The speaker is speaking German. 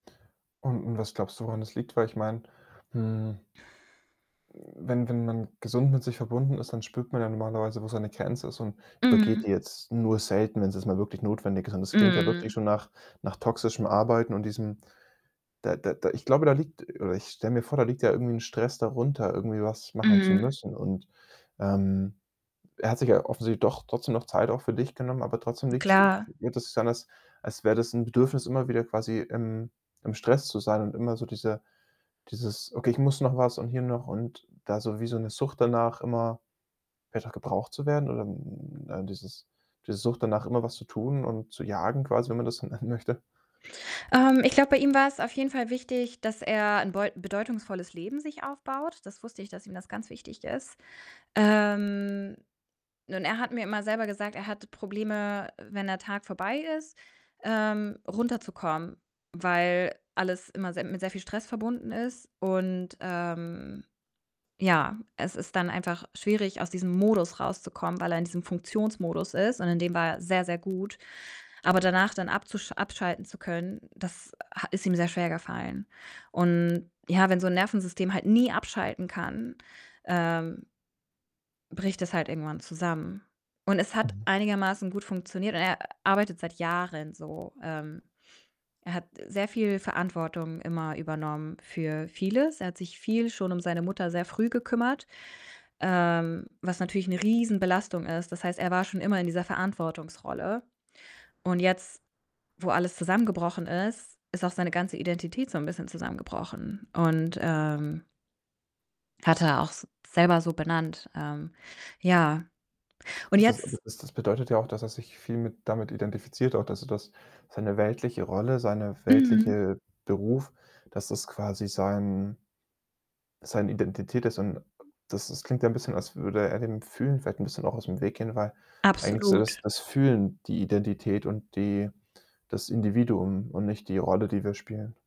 Und und was glaubst du, woran das liegt? Weil ich mein, hm m wenn wenn man gesund mit sich verbunden ist, dann spürt man ja normalerweise, wo seine Grenze ist und übergeht die Mhm. jetzt nur selten, wenn's jetzt mal wirklich notwendig ist und das klingt ja wirklich Mhm. schon nach nach toxischem Arbeiten und diesem da da da ich glaube, da liegt oder ich stelle mir vor, da liegt ja irgendwie 'n Stress darunter, irgendwie was machen zu Mhm. müssen und, ähm, er hat sich ja offensichtlich doch trotzdem noch Zeit auch für dich genommen, aber trotzdem liegt's äh, Klar. hört es sich an, als als wäre das 'n Bedürfnis, immer wieder quasi im im Stress zu sein und immer so diese dieses: „Okay, ich muss noch was und hier noch“ und da so wie so 'ne Sucht danach, immer wieder gebraucht zu werden oder, hm, äh, dieses diese Sucht danach, immer was zu tun und zu jagen quasi, wenn man das so nennen möchte. Ähm, ich glaube, bei ihm war's auf jeden Fall wichtig, dass er 'n beu bedeutungsvolles Leben sich aufbaut. Das wusste ich, dass ihm das ganz wichtig ist. Ähm, und er hat mir immer selber gesagt, er hatte Probleme, wenn der Tag vorbei ist, ähm, runterzukommen, weil alles immer sehr mit sehr viel Stress verbunden ist und, ähm, ja, es ist dann einfach schwierig, aus diesem Modus rauszukommen, weil er in diesem Funktionsmodus ist und in dem war er sehr sehr gut. Aber danach dann abzusch abschalten zu können, das ha ist ihm sehr schwergefallen und, ja, wenn so 'n Nervensystem halt nie abschalten kann, ähm, bricht das halt irgendwann zusammen und es hat Mhm. einigermaßen gut funktioniert und er arbeitet seit Jahren so. Ähm, er hat sehr viel Verantwortung immer übernommen für vieles. Er hat sich viel schon um seine Mutter sehr früh gekümmert, ähm, was natürlich 'ne Riesenbelastung ist. Das heißt, er war schon immer in dieser Verantwortungsrolle und jetzt, wo alles zusammengebrochen ist, ist auch seine ganze Identität so 'n bisschen zusammengebrochen und, ähm hat er auch s selber so benannt. Ähm, ja, und Das ist aber jetzt das das bedeutet ja auch, dass er sich viel mit damit identifiziert auch, dass er das seine weltliche Rolle, seine Mhm. weltliche Beruf, dass das quasi sein seine Identität ist und das das klingt ja 'n bisschen, als würde er dem Fühlen vielleicht 'n bisschen auch aus'm Weg gehen, weil eigentlich ist ja das Absolut. das Fühlen die Identität und die das Individuum und nicht die Rolle, die wir spielen.